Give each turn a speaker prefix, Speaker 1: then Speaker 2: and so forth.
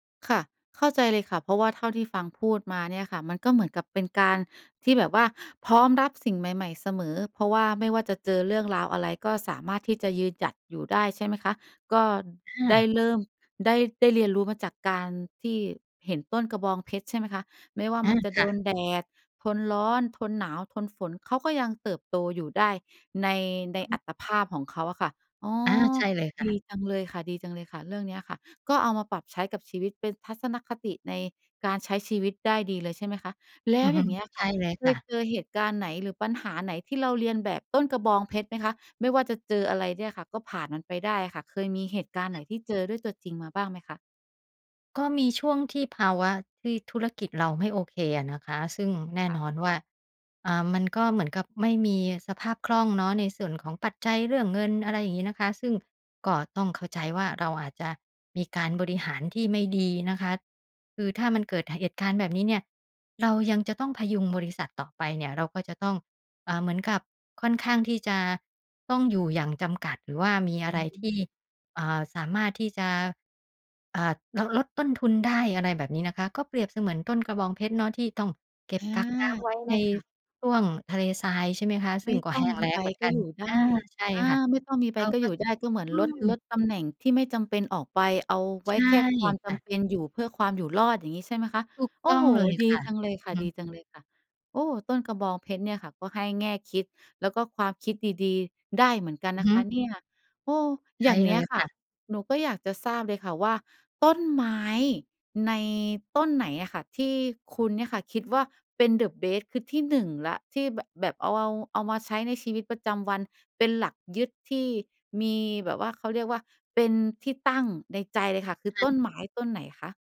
Speaker 1: ค่ะ เข้าใจเลยค่ะ เพราะว่าเท่าที่ฟังพูดมาเนี่ยค่ะ มันก็เหมือนกับเป็นการที่แบบว่าพร้อมรับสิ่งใหม่ ๆ เสมอ เพราะว่าไม่ว่าจะเจอเรื่องราวอะไรก็สามารถที่จะยืนหยัดอยู่ได้ใช่ไหมคะ? ก็
Speaker 2: ค่
Speaker 1: ได้
Speaker 2: ะ
Speaker 1: เริ่ม ได้ ได้เรียนรู้มาจากการที่เห็นต้นกระบองเพชรใช่ไหมคะ ไม่ว่า
Speaker 2: อา
Speaker 1: มันจะ
Speaker 2: ค
Speaker 1: โด
Speaker 2: ่ะ
Speaker 1: นแดด ทนร้อน ทนหนาว ทนฝน เขาก็ยังเติบโตอยู่ได้ ใน ในอัตภาพของเขาอะค่ะ อ๋อ
Speaker 2: อา ใช่เลยค
Speaker 1: ด
Speaker 2: ่ะ
Speaker 1: ีจังเลยค่ะ ดีจังเลยค่ะ เรื่องเนี้ยอะค่ะ ก็เอามาปรับใช้กับชีวิตเป็นทัศนคติในการใช้ชีวิตได้ดีเลยใช่ไหมคะ แล
Speaker 2: อ
Speaker 1: ้
Speaker 2: ื
Speaker 1: ว
Speaker 2: อฮ
Speaker 1: อ
Speaker 2: ึ
Speaker 1: ย่างเงี้ย
Speaker 2: ใ
Speaker 1: ค
Speaker 2: ช
Speaker 1: ่
Speaker 2: ่
Speaker 1: ะ
Speaker 2: เลย
Speaker 1: เค
Speaker 2: ค่
Speaker 1: ย
Speaker 2: ะ
Speaker 1: เจอเหตุการณ์ไหนหรือปัญหาไหนที่เราเลียนแบบต้นกระบองเพชรไหมคะ? ไม่ว่าจะเจออะไรเนี่ยค่ะ ก็ผ่านมันไปได้อะค่ะ เคยมีเหตุก
Speaker 2: อื
Speaker 1: าร
Speaker 2: อ
Speaker 1: ณ์
Speaker 2: ฮ
Speaker 1: ไหน
Speaker 2: ึ
Speaker 1: ที่เจอด้วยตัวจริงมาบ้างไหมคะ?
Speaker 2: ก็มีช่วงที่ภาวะที่ธุรกิจเราไม่โอเคอะนะคะ ซึ่งแน่
Speaker 1: ค่
Speaker 2: น
Speaker 1: ะ
Speaker 2: อนว่า อ่า มันก็เหมือนกับไม่มีสภาพคล่องเนาะ ในส่วนของปัจจัยเรื่องเงิน อะไรอย่างงี้นะคะ ซึ่งก็ต้องเข้าใจว่า เราอาจจะมีการบริหารที่ไม่ดีนะคะ คือถ้ามันเกิดเหตุการณ์แบบนี้เนี้ย เรายังจะต้องพยุงบริษัทต่อไปเนี่ย เราก็จะต้อง อ่า เหมือนกับค่อนข้างที่จะต้องอยู่อย่างจำกัด หรือว่ามี
Speaker 1: อ
Speaker 2: อะ
Speaker 1: ื
Speaker 2: ไรที่
Speaker 1: ม
Speaker 2: อ่า สามารถที่จะ อ่า ลด ลดต้นทุนได้ อะไรแบบนี้นะคะ ก็เปรียบเหมือนต้นกระบองเพชรเนาะ ที่ต้องเก็
Speaker 1: อ
Speaker 2: บ
Speaker 1: า
Speaker 2: กักน้ำไว้
Speaker 1: ใช
Speaker 2: ใน
Speaker 1: ่ค่ะ
Speaker 2: ช่วงทะเลทรายใช่ไหมคะ ซ
Speaker 1: ไม
Speaker 2: ึ่
Speaker 1: ่
Speaker 2: งก็
Speaker 1: ต้
Speaker 2: แ
Speaker 1: อ
Speaker 2: ห
Speaker 1: ง
Speaker 2: ้ง
Speaker 1: มี
Speaker 2: แล้
Speaker 1: ใบ
Speaker 2: งเหมือน
Speaker 1: ก
Speaker 2: ก
Speaker 1: ็
Speaker 2: ัน
Speaker 1: อยู่ได
Speaker 2: อา
Speaker 1: ้
Speaker 2: ใช่
Speaker 1: อา
Speaker 2: ค่ะ
Speaker 1: ไม่ต้องมีใบ
Speaker 2: เรา
Speaker 1: ก็
Speaker 2: ก็
Speaker 1: อยู่ได้ ก็เหมือน
Speaker 2: อื
Speaker 1: ลด ล
Speaker 2: ม
Speaker 1: ดตำแหน่งที่ไม่จำเป็นออกไป เอาไ
Speaker 2: ใ
Speaker 1: ว
Speaker 2: ช
Speaker 1: ้
Speaker 2: ่
Speaker 1: แค่ความจ
Speaker 2: ค่ะ
Speaker 1: ำเป็นอยู่เพื่อความอยู่รอด อย่างงี้ใช่ไหมคะ?
Speaker 2: ถูก
Speaker 1: โอ
Speaker 2: ต
Speaker 1: ้
Speaker 2: ้อ
Speaker 1: โ
Speaker 2: ง
Speaker 1: ฮ
Speaker 2: เลย
Speaker 1: ดี
Speaker 2: ค่ะ
Speaker 1: จังเลยค่ะ
Speaker 2: อือ
Speaker 1: ดี
Speaker 2: ฮึ
Speaker 1: จังเลยค่ะ โอ้ ต้นกระบองเพชรเนี่ยค่ะ ก็ให้แง่คิดแล้วก็ความคิดดี ๆ ได้เหมือนกัน
Speaker 2: อื
Speaker 1: น
Speaker 2: อ
Speaker 1: ะ
Speaker 2: ฮ
Speaker 1: ค
Speaker 2: ึ
Speaker 1: ะเนี้ย โอ้
Speaker 2: ใช
Speaker 1: อย
Speaker 2: ่
Speaker 1: ่างเน
Speaker 2: เล
Speaker 1: ี้
Speaker 2: ย
Speaker 1: ยค
Speaker 2: ค
Speaker 1: ่ะ
Speaker 2: ่ะ
Speaker 1: หนูก็อยากจะทราบเลยค่ะว่า ต้นไม้ในต้นไหนอะค่ะที่คุณเนี่ยค่ะ คิดว่าเป็นเดอะ เบส คือที่ 1 แล้ว ที่แบบ แบบเอา เอามาใช้ในชีวิตประจำวันเป็นหลักยึด ที่มีแบบว่าเขาเรียกว่าเป็นที่ตั้งในใจเลยค่ะ คื
Speaker 2: อะ
Speaker 1: อ
Speaker 2: ฮ
Speaker 1: ต้
Speaker 2: ะ
Speaker 1: นไม้ต้นไหนคะ?